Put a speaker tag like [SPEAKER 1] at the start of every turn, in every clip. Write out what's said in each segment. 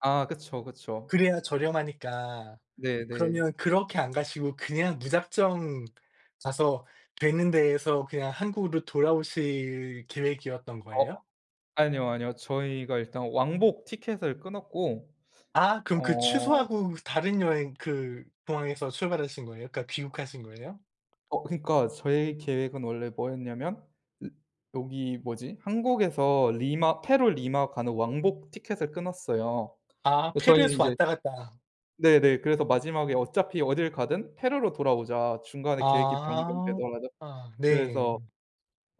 [SPEAKER 1] 아. 그쵸, 그쵸.
[SPEAKER 2] 그래야 저렴하니까
[SPEAKER 1] 네, 네.
[SPEAKER 2] 그러면 그렇게 안 가시고 그냥 무작정 가서 되는 데서 그냥 한국으로 돌아오실 계획이었던
[SPEAKER 1] 어.
[SPEAKER 2] 거예요?
[SPEAKER 1] 아니요, 아니요. 저희가 일단 왕복 티켓을 끊었고
[SPEAKER 2] 아. 그럼 그
[SPEAKER 1] 어.
[SPEAKER 2] 취소하고 다른 여행 그 공항에서 출발하신 거예요? 그니까 귀국하신 거예요?
[SPEAKER 1] 어. 그러니까 저희 계획은 원래 뭐였냐면. 여기 뭐지? 한국에서 리마 페루 리마 가는 왕복 티켓을 끊었어요.
[SPEAKER 2] 아.
[SPEAKER 1] 근데 저희는
[SPEAKER 2] 페루에서
[SPEAKER 1] 이제
[SPEAKER 2] 왔다 갔다.
[SPEAKER 1] 네 네. 그래서 마지막에 "어차피 어딜 가든 페루로 돌아오자. 중간에 계획이
[SPEAKER 2] 아.
[SPEAKER 1] 변경되더라도."
[SPEAKER 2] 네.
[SPEAKER 1] 그래서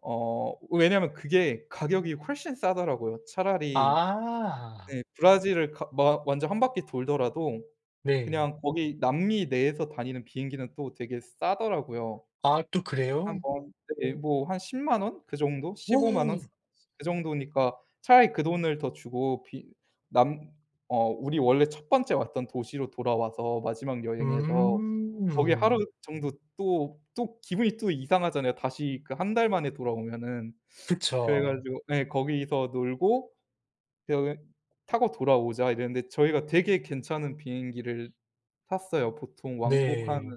[SPEAKER 1] 어. 왜냐하면 그게 가격이 훨씬 싸더라고요. 차라리
[SPEAKER 2] 아.
[SPEAKER 1] 네. 브라질을 가 마 완전 1 바퀴 돌더라도
[SPEAKER 2] 네.
[SPEAKER 1] 그냥 거기 남미 내에서 다니는 비행기는 또 되게 싸더라고요.
[SPEAKER 2] 아. 또 그래요?
[SPEAKER 1] [unintelligible] 네. 뭐. 한 100,000 원. 그 정도? 150,000 원. 그 정도니까 차라리 그 돈을 더 주고 비 남 어. 우리 원래 1 번째 왔던 도시로 돌아와서 마지막 여행에서 거기 하루
[SPEAKER 2] 음.
[SPEAKER 1] 정도 또, 또 기분이 또 이상하잖아요. 다시 그 1 달 만에 돌아오면은.
[SPEAKER 2] 그쵸.
[SPEAKER 1] 그래가지고 네 거기서 놀고 데어게 "타고 돌아오자" 이랬는데 저희가 되게 괜찮은 비행기를 탔어요. 보통 왕복 한
[SPEAKER 2] 네.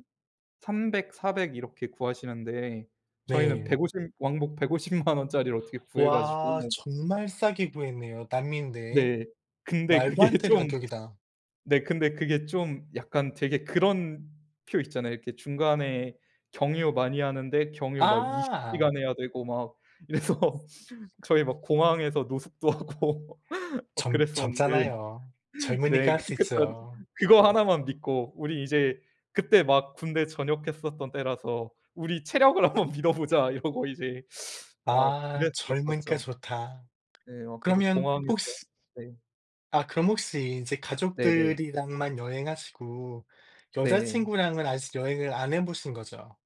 [SPEAKER 1] 300, 400 이렇게 구하시는데 저희는
[SPEAKER 2] 네.
[SPEAKER 1] 150 왕복 1,500,000 원짜리를 어떻게 구해 가지고.
[SPEAKER 2] 와. 정말 싸게 구했네요. 남미인데.
[SPEAKER 1] 네. 근데
[SPEAKER 2] 말도
[SPEAKER 1] 그게
[SPEAKER 2] 안 되는
[SPEAKER 1] 좀
[SPEAKER 2] 가격이다.
[SPEAKER 1] 네. 근데 그게 좀 약간 되게 그런 표 있잖아요. 이렇게 중간에 경유 많이 하는데 경유 막 20
[SPEAKER 2] 아!
[SPEAKER 1] 시간 해야 되고 막 이래서. 저희 막 공항에서 노숙도 하고 막
[SPEAKER 2] 젊
[SPEAKER 1] 그랬었는데.
[SPEAKER 2] 젊잖아요.
[SPEAKER 1] 네.
[SPEAKER 2] 젊으니까 할 수
[SPEAKER 1] 그러니까 전
[SPEAKER 2] 있죠.
[SPEAKER 1] 그거 하나만 믿고 우리 이제 그 때 막 군대 전역했었던 때라서 "우리 체력을 한 번 믿어보자." 이러고 이제. 어.
[SPEAKER 2] 아. 젊으니까
[SPEAKER 1] 그랬었었죠.
[SPEAKER 2] 좋다.
[SPEAKER 1] 네. 막 그래서
[SPEAKER 2] 그러면
[SPEAKER 1] 공항에서
[SPEAKER 2] 혹시
[SPEAKER 1] 네.
[SPEAKER 2] 아. 그럼 혹시 이제
[SPEAKER 1] 네, 네.
[SPEAKER 2] 가족들이랑만 여행하시고
[SPEAKER 1] 네.
[SPEAKER 2] 여자친구랑은 아직 여행을 안 해 보신 거죠?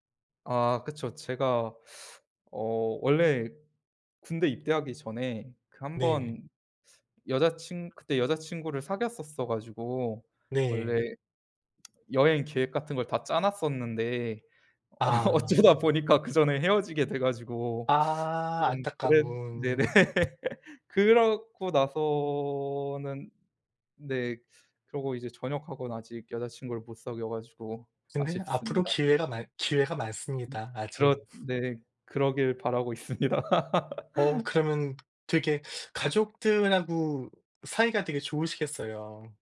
[SPEAKER 1] 아. 그쵸. 제가 어. 원래 군대 입대하기 전에 그 1
[SPEAKER 2] 네.
[SPEAKER 1] 번 여자친 그때 여자친구를 사귀었었어 가지고
[SPEAKER 2] 네.
[SPEAKER 1] 원래 여행 계획 같은 걸 다 짜 놨었는데. 어
[SPEAKER 2] 아.
[SPEAKER 1] 어쩌다 보니까 그 전에 헤어지게 돼 가지고 좀
[SPEAKER 2] 아.
[SPEAKER 1] 그랬 네네.
[SPEAKER 2] 안타까운.
[SPEAKER 1] 그러고 나서는 네. 그러고 이제 전역하고는 아직 여자친구를 못 사귀어 가지고
[SPEAKER 2] 근데 앞으로
[SPEAKER 1] 아쉽습니다.
[SPEAKER 2] 기회가 많 기회가 많습니다
[SPEAKER 1] 그렇
[SPEAKER 2] 아직.
[SPEAKER 1] 네. 그러길 바라고 있습니다.
[SPEAKER 2] 어. 그러면은 되게 가족들하고 사이가 되게 좋으시겠어요.